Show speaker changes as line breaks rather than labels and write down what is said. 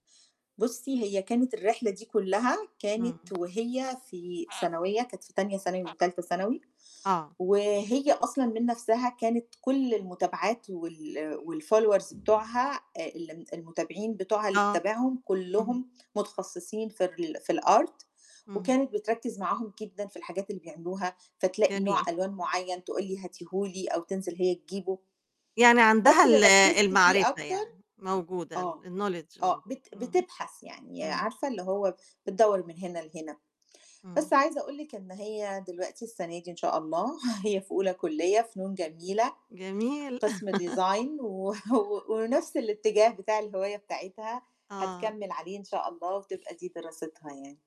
بُصّي هي كانت الرحلة دي كُلّها، كانت
امم.
وهي في ثانوية، كانت في تانية ثانوي وتالتة ثانوي،
آه.
وهي أصلًا من نفسها كانت كُل المُتابعات وال والfollowers بتاعوها آآ الم المتابعين بتوعها اللي
آه،
بتتابعهم،
اهم.
كُلّهم متخصصين في الر في الArt
اهم.
وكانت بتركِّز معاهم جدًا في الحاجات اللي بيعملوها، فتلاقي نوع
جميل.
ألوان مُعيّن تقول لي هاتيه لي، أو تنزل هي تجيبُه.
يعني عندها
بس اللي
ال
ركِّزت فيه
المعرفة
أكتر
يعني، موجودة
آه،
ال الknowledge
آه،
موجودة،
بت
امم،
بتبحث يعني،
امم.
عارفة اللي هو بتدوَّر من هنا لهنا.
امم.
بس عايزة أقول لِك إن هي دلوقتي السنة دي إن شاء الله، هي في أولى كُلّية فنون جميلة
جميل.
قِسم design و ونفس الاتجاه بتاع الهواية بتاعتها،
آه.
هتكمل عليه إن شاء الله، وتبقى دي دراستها يعني.